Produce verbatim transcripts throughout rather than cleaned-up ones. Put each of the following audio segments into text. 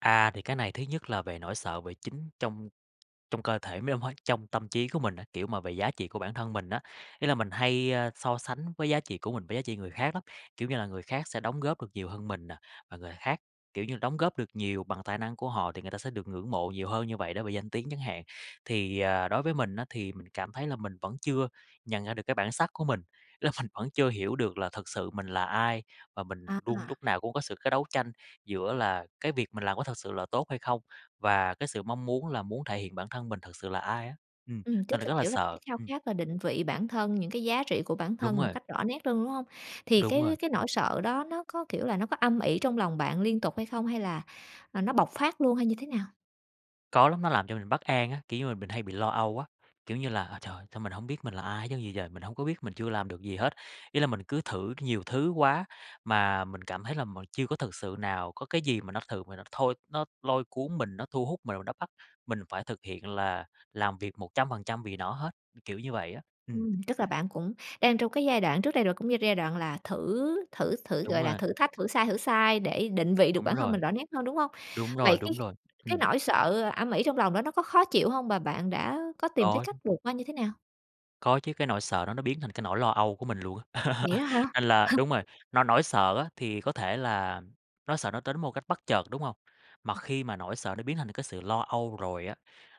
À, thì cái này thứ nhất là về nỗi sợ về chính trong trong cơ thể mấy [unintelligible] trong tâm chí của mình á, kiểu, mà về giá trị của bản thân mình á. Ý là mình hay, a, so sánh với giá trị của mình với giá trị người khác lắm. Kiểu như là, người khác sẽ đóng góp được nhiều hơn mình nè, và người khác, kiểu như, đóng góp được nhiều bằng tài năng của họ thì người ta sẽ được ngưỡng mộ nhiều hơn như vậy, đối về danh tiếng chẳng hạn. Thì, à, đối với mình á thì mình cảm thấy là mình vẫn chưa nhận ra được cái bản sắc của mình, là mình vẫn chưa hiểu được là thật sự mình là ai. Và mình A, luôn à. lúc nào cũng có sự cái đấu tranh giữa là cái việc mình làm có thật sự là tốt hay không, và cái sự mong muốn là muốn thể hiện bản thân mình thực sự là ai á, ừm, Ừm, nên tức là là, rất là kiểu là, cái sợ, khao ừm. khát là định vị bản thân, những cái giá trị của bản Đúng thân một rồi. cách rõ nét rừng, đúng hông? Thì Đúng cái rồi. cái nỗi sợ đó nó có, kiểu là, nó có âm ỉ trong lòng bạn liên tục hay không hay là, à, nó bộc phát luôn hay như thế nào? Có lắm, nó làm cho mình bất an á, kiểu như là, mình hay bị lo âu á, kiểu như là: "Ơ trời, sao mình hổng biết mình là ai hết trơn vậy trời, mình hông có biết, mình chưa làm được gì hết." Ý là mình cứ thử nhiều thứ quá, mà mình cảm thấy là m chưa có thực sự nào, có cái gì mà nó thường nó thôi nó lôi cuốn mình, nó thu hút mình mà nó bắt mình phải thực hiện là làm việc một trăm phần trăm vì nó hết, kiểu như vậy á, ừm. Ừm, tức là bạn cũng đang trong cái giai đoạn trước đây rồi cũng như giai đoạn là thử thử thử, Đúng gọi là, rồi. thử thách, thử sai, thử sai để định vị được Đúng bản thân mình rồi. rõ nét hơn, đúng hông? Đúng rồi, Vậy cái đúng rồi, cái ừm. nỗi sợ, ờ, âm ỉ trong lòng đó nó có khó chịu hông và bạn đã có tìm tới Có. cách vượt qua như thế nào? Có chứ, cái nỗi sợ đó nó biến thành cái nỗi lo âu của mình luôn á, Vậy đó hả? nên là đúng rồi, no nỗi sợ á, thì có thể là nó sợ nó tến một cách bất chợt, đúng hông? Mà khi mà nỗi sợ nó biến thành cái sự lo âu rồi á,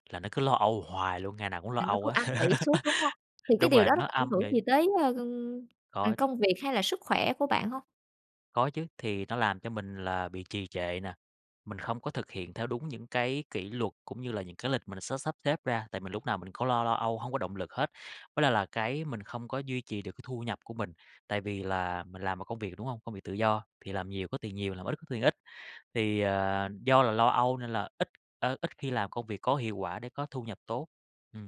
là nó cứ lo âu hoài luôn, ngày nào cũng lo Là nó âu cứ á, âm ỉ suốt, đúng hông? Thì cái đúng điều rồi, đó nó nó có ảnh âm hưởng nghỉ. gì tới, ơ, ưm, ừm, Có. công việc hay là sức khỏe của bạn hông? Có chứ, thì nó làm cho mình là bị trì trệ nè, mình không có thực hiện theo đúng những cái kỷ luật cũng như là những cái lịch mình sớ sắp xếp ra, tại mình lúc nào mình có lo lo âu, hông có động lực hết. Với lại là cái mình không có duy trì được cái thu nhập của mình, tại vì là mình làm một công việc, đúng hông? Công việc tự do, thì làm nhiều có tiền nhiều, làm ít có tiền ít. Thì, ờ, do là lo âu nên là ít, ơ, ít khi làm công việc có hiệu quả để có thu nhập tốt. Ừm.